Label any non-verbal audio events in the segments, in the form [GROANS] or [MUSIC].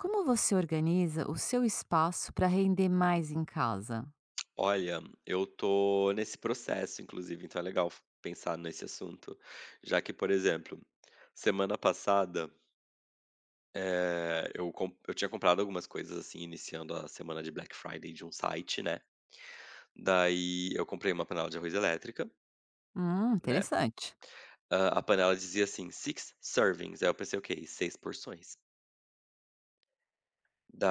Como você organiza o seu espaço para render mais em casa? Olha, eu estou nesse processo inclusive então é legal f pensar nesse assunto, já que, por exemplo, semana passada eh, eu com eu tinha comprado algumas coisas assim iniciando a semana de Black Friday de um site, né, daí eu comprei uma panela de arroz elétrica Hum, né, interessante. hã, a panela dizia assim: "Six servings", aí eu pensei o quê? Em 6 porções.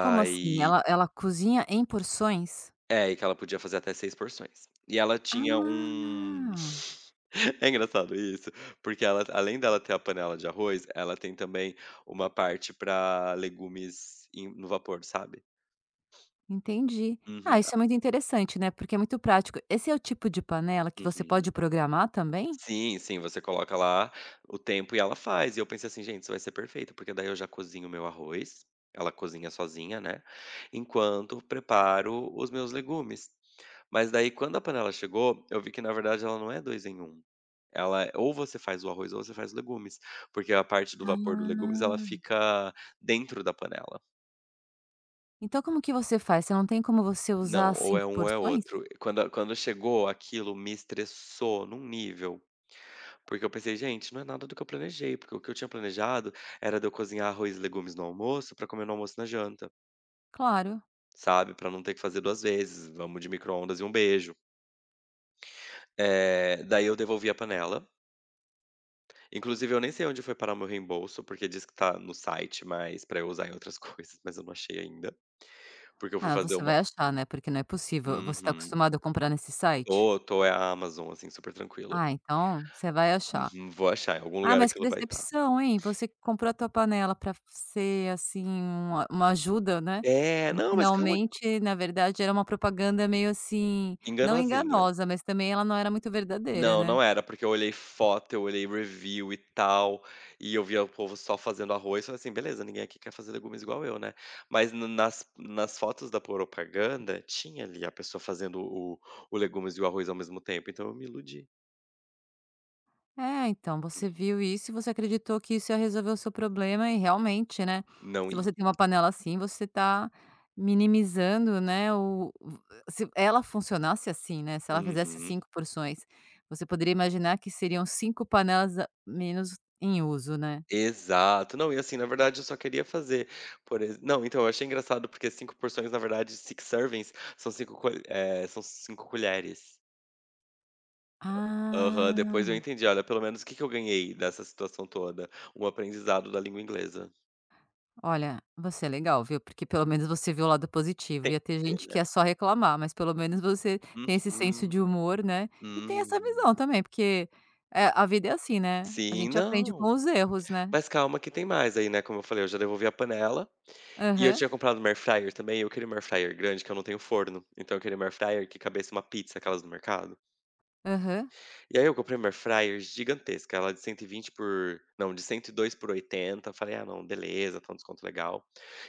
Como assim? Ela ela cozinha em porções? É e que ela podia fazer até 6 porções. E ela tinha um Ah. [CHUCKLES] é engraçado isso, porque ela t além dela ter a panela de arroz, ela tem também uma parte para legumes em no vapor, sabe. Entendi. Uhum. Ah, a isso é muito interessante, né, porque é muito prático. Esse é o tipo de panela que você pode Uhum. programar também? Sim, sim você coloca lá o tempo e ela faz e eu pensei assim: "Gente, isso vai ser perfeito, porque daí eu já cozinho o meu arroz, ela cozinha sozinha, né, enquanto preparo os meus legumes". Mas, daí, quando a panela chegou, eu vi que na verdade ela não é 2 em 1. Ela é ou você faz o arroz ou você faz legumes, porque a parte do vapor do legumes ela Ah. fica dentro da panela. Então como que você faz? Você não tem como você usar Não, as ou é 5 um ou é porções? outro. Quando a quando chegou, aquilo me estressou em um nível. Porque eu pensei: "Gente, não é nada do que eu planejei, porque o que eu tinha planejado era de eu cozinhar arroz e legumes no almoço pra comer no almoço e na janta." Claro. Sabe? Pra não ter que fazer 2 vezes, vamos de microondas e um beijo. Eh, daí eu devolvi a panela. Inclusive eu nem sei onde foi parar o meu reembolso, porque diz que tá no site, mas para eu usar em outras coisas, mas eu não achei ainda. Porque eu fui Ah, fazer você uma vai achar, né, porque não é possível. Você tá Uhum. acostumado a comprar nesse site? Oh tô é a Amazon, assim, super tranquilo. Ah, então, você vai achar. Uhum, vou achar. Em algum Ah, lugar mas que aquilo vai estar. decepção, hein? Você comprou a tua panela para ser, assim, uma uma ajuda, né. É, E não, mas calma finalmente, na verdade, era uma propaganda meio, assim, não Enganozinha. enganosa, mas também ela não era muito verdadeira, Não, né? não era. Porque eu olhei foto, eu olhei review e tal e eu via o povo só fazendo arroz, falei assim: "Beleza ninguém aqui quer fazer legumes igual eu, né." Mas na nas nas fotos da propaganda, tinha ali a pessoa fazendo o o legumes e o arroz ao mesmo tempo, então eu me iludi. É, então você Uhum. viu isso e você acreditou que isso ia resolver o seu problema. E realmente, né. Não Se e você tem uma panela assim você está minimizando, né, o v se ela funcionasse, assim, né, se ela fizesse Uhum. 5 porções, você poderia imaginar que seriam 5 panelas a menos em uso, né? Exato, não e, assim, na verdade eu só queria fazer, por ex não, então, eu achei engraçado porque 5 porções na verdade sic servers são 5 colhe eh, são 5 colheres. Hã, aham, depois eu Ah. entendi. Olha, pelo menos o que é que eu ganhei dessa situação toda? Um aprendizado da língua inglesa. Olha, você é legal, viu? Porque pelo menos você viu o lado positivo, Tem ia ter que ver, gente que né. ia só reclamar, mas pelo menos você tem esse senso Uhum, de humor, né. E tem essa hum. visão também porque, eh, a vida é assim, né, a Sim. gente aprende Não, com os erros, né? mas calma que tem mais aí, né. Como eu falei, eu já devolvi a panela. E eu Aham. tinha comprado uma Air fryer, também. Eu queria uma Air fryer grande, que eu não tenho forno, então, eu queria uma Air fryer que coubesse uma pizza, aquelas do mercado. Aham. E aí eu comprei uma Air fryer gigantesca, ela de 120 por não, de 102/80. Falei: "Ah não, beleza, está um desconto legal".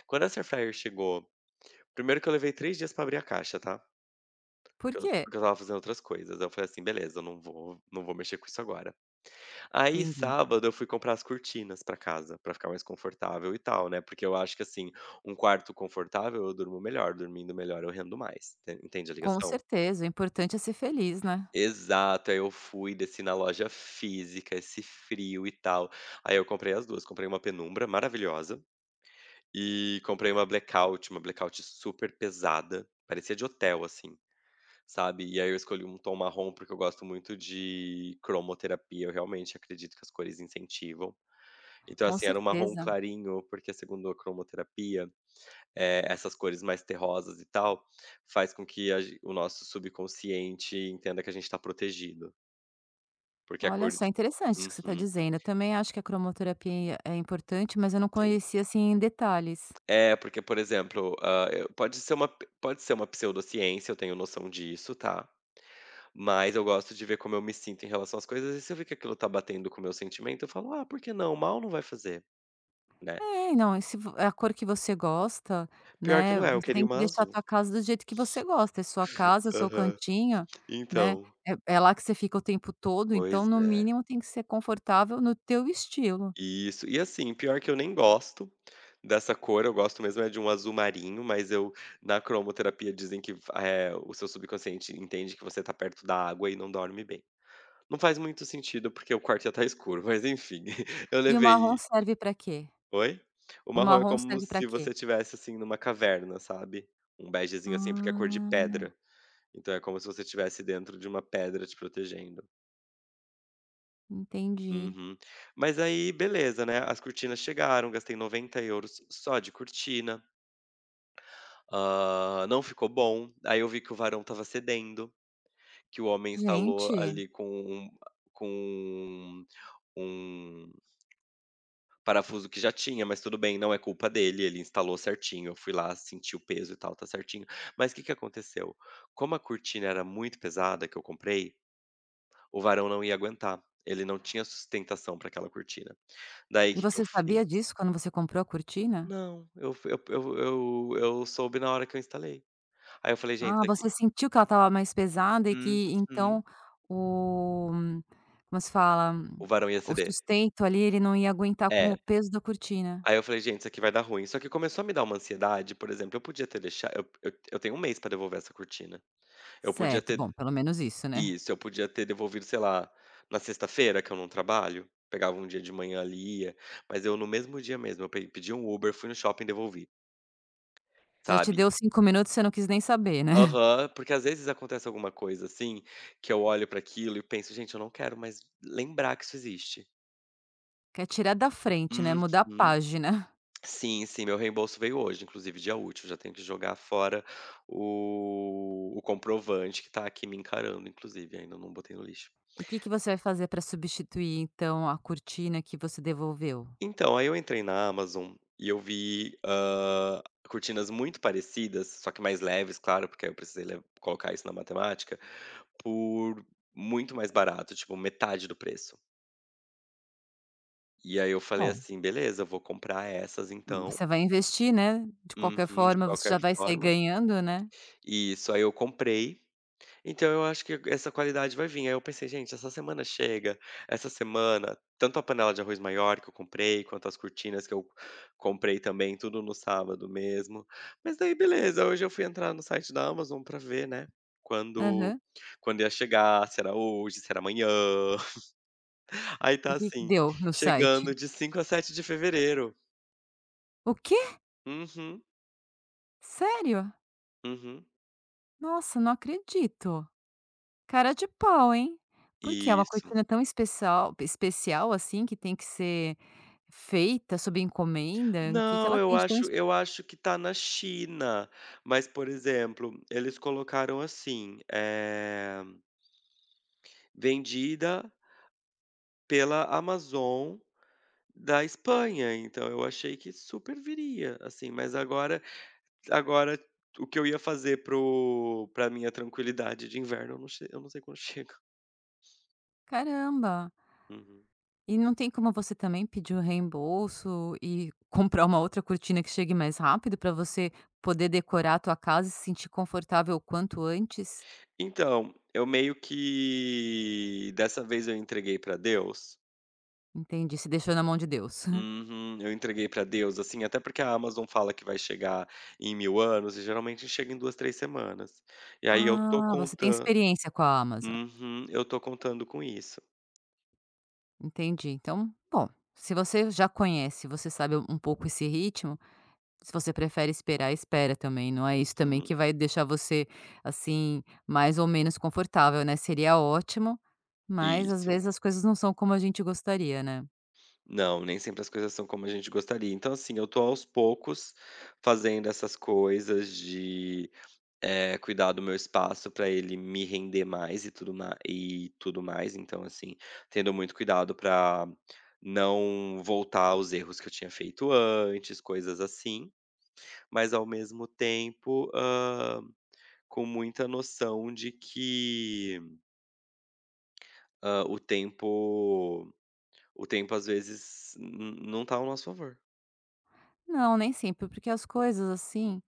Quando essa Air fryer chegou, 1º que eu levei 3 dias para abrir a caixa, tá? Por Porque eu quê? porque eu estava fazendo outras coisas, eu falei assim: "Beleza, eu não vou, não vou mexer com isso agora". Aí Entendi. sábado eu fui comprar as cortinas pra casa, para ficar mais confortável e tal, né? Porque eu acho que, assim, um quarto confortável eu durmo melhor, dormindo melhor eu rendo mais, enten entende a Com ligação? certeza, o importante é ser feliz, né? Exato, aí eu fui, desci na loja física, esse frio, e tal, aí eu comprei as 2, comprei uma penumbra maravilhosa, e comprei uma blackout, uma blackout, super pesada, parecia de hotel, assim, sabe. E aí eu escolhi um tom marrom porque eu gosto muito de cromoterapia, eu realmente acredito que as cores incentivam. Então Com assim, era um marrom certeza. clarinho porque, segundo a cromoterapia, eh, essas cores mais terrosas e tal, faz com que a gen o nosso subconsciente entenda que a gente tá protegido. Porque a Olha cor só, de interessante isso que você está uhum. dizendo, eu, também, acho que a cromoterapia é importante mas eu não Sim. conhecia, assim, em detalhes. É porque, por exemplo, hã, eh, pode ser um pode ser uma pseudociência, eu tenho noção disso, tá? Mas eu gosto de ver como eu me sinto em relação às coisas e, se eu ver que aquilo está batendo com o meu sentimento, eu falo: "Ah, por que não?". Mal não vai fazer, né? É não, se vo é a cor que você gosta, Pior que né, não é, eu você queria tem um que deixar a azul. tua casa do jeito que você gosta, é sua casa, é seu Aham, cantinho, né. então É é lá que você fica o tempo todo. então, Pois no é. mínimo tem que ser confortável no teu estilo. Isso, e assim, pior que eu nem gosto dessa cor, eu gosto mesmo é de um azul-marinho, mas eu na cromoterapia dizem que a eh, o seu subconsciente entende que você está perto da água e não dorme bem. Não faz muito sentido porque o quarto já está escuro, mas enfim, [CHUCKLES] eu E o marrom levei serve pra quê? Oi? O O marrom é marrom como serve pra se você quê? estivesse, assim, numa caverna sabe. Um begezinho, assim, porque é cor de Ah. pedra. Então é como se você estivesse dentro de uma pedra te protegendo. Entendi. Uhum. Mas aí beleza, né, as cortinas chegaram, gastei €90 só de cortina. Hã, não ficou bom, aí eu vi que o varão estava cedendo, que o homem instalou Gente. ali com um, ah, com um um parafuso que já tinha, mas tudo bem, não é culpa dele. Ele instalou certinho, eu fui lá senti o peso e tal, tá certinho. Mas que que aconteceu? Como a cortina era muito pesada que eu comprei, o varão não ia aguentar, ele não tinha sustentação para aquela cortina. Daí E que que eu você fiz? sabia disso quando você comprou a cortina? Não. Eu f eu p eu eu soube na hora que eu instalei. Aí, eu falei: "Gente, Ah, isso aqui" você sentiu que ela estava mais pesada e que Uhum. então o como se fala? O varão ia O ceder. sustento ali ele não ia aguentar com o É. peso da cortina? Aí, eu falei: "Gente, isso aqui vai dar ruim". Só que começou a me dar uma ansiedade, por exemplo, eu podia ter deixa eu eu eu tenho 1 mês pra devolver essa cortina. Eu podia Certo. ter Bom, pelo menos isso, né. Isso. Podia ter devolvido, sei lá, na sexta-feira que eu não trabalho, pegava um dia de manhã ali e ia. Mas eu, no mesmo dia mesmo, eu p pedi um Uber, fui no shopping e devolvi, Já te sabe. deu 5 minutos, você não quis nem saber, né. [CHUCKLES] Aham. Porque às vezes, acontece alguma coisa assim, que eu olho pra aquilo e penso: "Gente, eu não quero mais lembrar que isso existe". Quer tirar da frente, né, Uhum. mudar a página. [GROANS] Sim, sim. Meu reembolso veio hoje, inclusive, dia útil. Já tenho que jogar fora o o comprovante que tá aqui me encarando, inclusive ainda não botei no lixo. E que que você vai fazer para substituir, então, a cortina que você devolveu? Então, aí eu entrei na Amazon e eu vi, hã, cortinas muito parecidas, só que mais leves, claro, porque aí eu le precisei colocar isso na matemática, por muito mais barato, tipo, metade do preço. E aí eu falei Bom. assim: "Beleza, vou comprar essas, Hum, então." você vai investir, né. De qualquer Uhum. De forma você qualquer já vai sair forma. ganhando, né. Isso! Aí eu comprei. Então eu acho que essa qualidade vai vim. Aí eu pensei: "Gente, essa semana chega, essa semana, tanto a panela de arroz maior que eu comprei, quanto as cortinas que eu comprei, também, tudo no sábado mesmo." Mas daí beleza, hoje eu fui entrar no site da Amazon pra ver, né, quando Aham. quando ia chegar, se era hoje, se era amanhã. [CHUCKLES] Aí, O tá que que assim: deu, no "Chegando site? de 5 a 7 de fevereiro." O quê? Uhum. Sério? Uhum. Nossa, não acredito. Cara de pau, hein. Por quê, é uma Isso. cortina tão especial, pe especial assim que tem que ser feita sob encomenda, que que Não, ela eu tem de tão acho espe eu acho que tá na China, mas, por exemplo, eles colocaram assim, eh, vendida pela Amazon da Espanha, então eu achei que super viria, assim, mas agora agora t o que eu ia fazer para o pra minha tranquilidade de inverno eu não ch eu não sei quando chega. Caramba. Uhum. E não tem como você também pedir o reembolso e comprar uma outra cortina que chegue mais rápido pra você poder decorar a tua casa e se sentir confortável o quanto antes? Então, eu meio que, dessa vez, eu entreguei pra Deus. Entendi, você deixou na mão de Deus. [CHUCKLES] Uhum. Eu entreguei pra Deus, assim, até porque a Amazon fala que vai chegar em mil anos e geralmente chega em 2, 3 semanas. E aí eu tô Ah, você tem contando experiência com a Amazon. Uhum. Eu estou contando com isso. Entendi, então, bom, se você já conhece e você sabe um pouco esse ritmo, se você prefere esperar, espera também, não é isso também Uhum. que vai deixar você, assim, mais ou menos confortável, né, seria ótimo, mas, às Isso. vezes, as coisas não são como a gente gostaria, né. Não, nem sempre as coisas são como a gente gostaria, então, assim, eu tô aos poucos fazendo essas coisas de eh, cuidar do meu espaço para ele me render mais e tudo ma e tudo mais então assim, tendo muito cuidado para não voltar aos erros que eu tinha feito antes, coisas assim. Mas ao mesmo tempo, hã, com muita noção de que hã, o tempo o tempo às vezes, não não tá ao nosso favor. Não, nem sempre, porque as coisas assim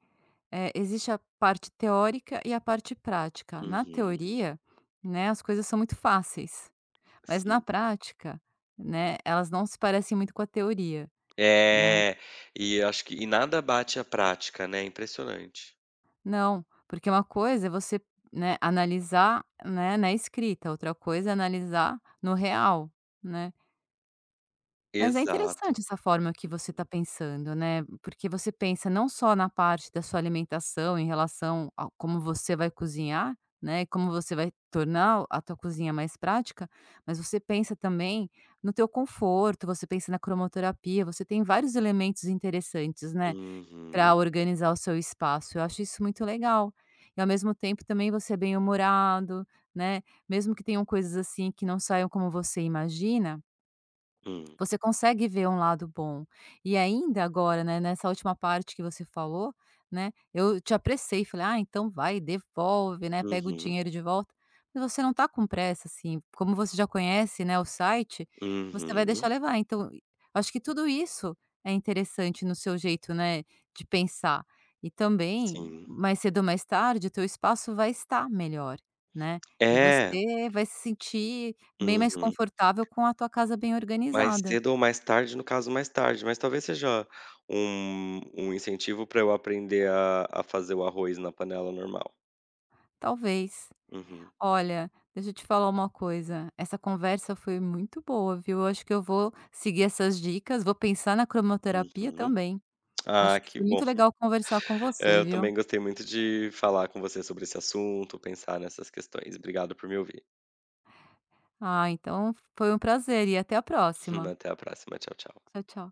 eh, existe a parte teórica e a parte prática, na Uhum. teoria, né, as coisas são muito fáceis, mas na sim prática, né, elas não se parecem muito com a teoria, não. É, e acho que e nada bate a prática, né, impressionante. Não, porque uma coisa é você, né, analisar né na escrita, outra coisa é analisar no real, né? Mas é Exato. interessante essa forma que você tá Uhum. pensando, né, porque você pensa não só na parte da sua alimentação em relação a como você vai cozinhar, né, e como você vai tornar o a tua cozinha mais prática, mas você pensa também no teu conforto, você pensa na cromoterapia, você tem vários elementos interessantes, né, para Uhum. organizar o seu espaço, eu acho isso muito legal. E ao mesmo tempo também você é bem-humorado, né, mesmo que tenham coisas assim que não saiam como você imagina Hum. você consegue ver um lado bom. E ainda agora, né, nessa última parte que você falou, né, eu te apressei, falei: “Ah então vai devolve, né, pega o Uhum. dinheiro de volta,” mas você não tá com pressa assim, como você já conhece, né, o site, você vai deixar Uhum. levar, então eu acho que tudo isso é interessante no seu jeito, né, de pensar. E também, Sim. mais cedo ou mais tarde o teu espaço vai estar melhor, né, e É. você vai se sentir bem mais Uhum confortável com a tua casa bem Mais organizada. cedo ou mais tarde, no caso mais tarde mas talvez seja um um incentivo para eu aprender a a fazer o arroz na panela normal. Talvez. uhum. olha, deixa eu te falar uma coisa, essa conversa foi muito boa viu, eu acho que eu vou seguir essas dicas, vou pensar na cromoterapia Uhum. também. Ah, acho que que foi bom muito fi legal conversar com é, você, eu viu. também gostei muito de falar com você sobre esse assunto, pensar nessas questões, obrigado por me ouvir. Ah, então foi um prazer e até a Hum, próxima. até a próxima tchau, tchau. tchau, tchau